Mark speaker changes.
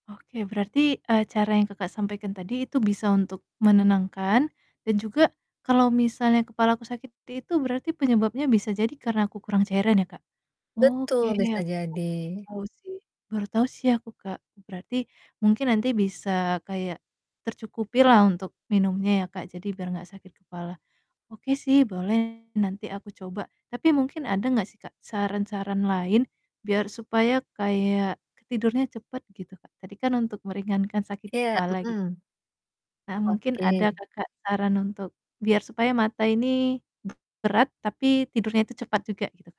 Speaker 1: Oke, berarti, eee, cara yang Kakak, sampaikan tadi itu bisa untuk menenangkan dan juga kalau misalnya kepalaku sakit seperti itu berarti penyebabnya bisa jadi karena aku kurang cairan ya, Kak,
Speaker 2: Betul,
Speaker 1: oke
Speaker 2: bisa
Speaker 1: aku baru
Speaker 2: jadi.
Speaker 1: tahu sih baru tahu sih aku, Kak. Berarti mungkin nanti bisa kayak tercukupi lah untuk minumnya ya Kak, jadi biar enggak sakit kepala. Oke sih boleh, nanti aku coba. Tapi mungkin ada enggak sih, Kak, saran-saran lain biar supaya kayak tidurnya cepat, gitu, Kak. Tadi kan untuk meringankan sakit
Speaker 2: Iya.
Speaker 1: kepala, gitu.
Speaker 2: Mhm.
Speaker 1: Nah, mungkin ada
Speaker 2: Oke
Speaker 1: Kakak saran untuk biar supaya mata ini be berat, tapi tidurnya itu cepat juga, gitu?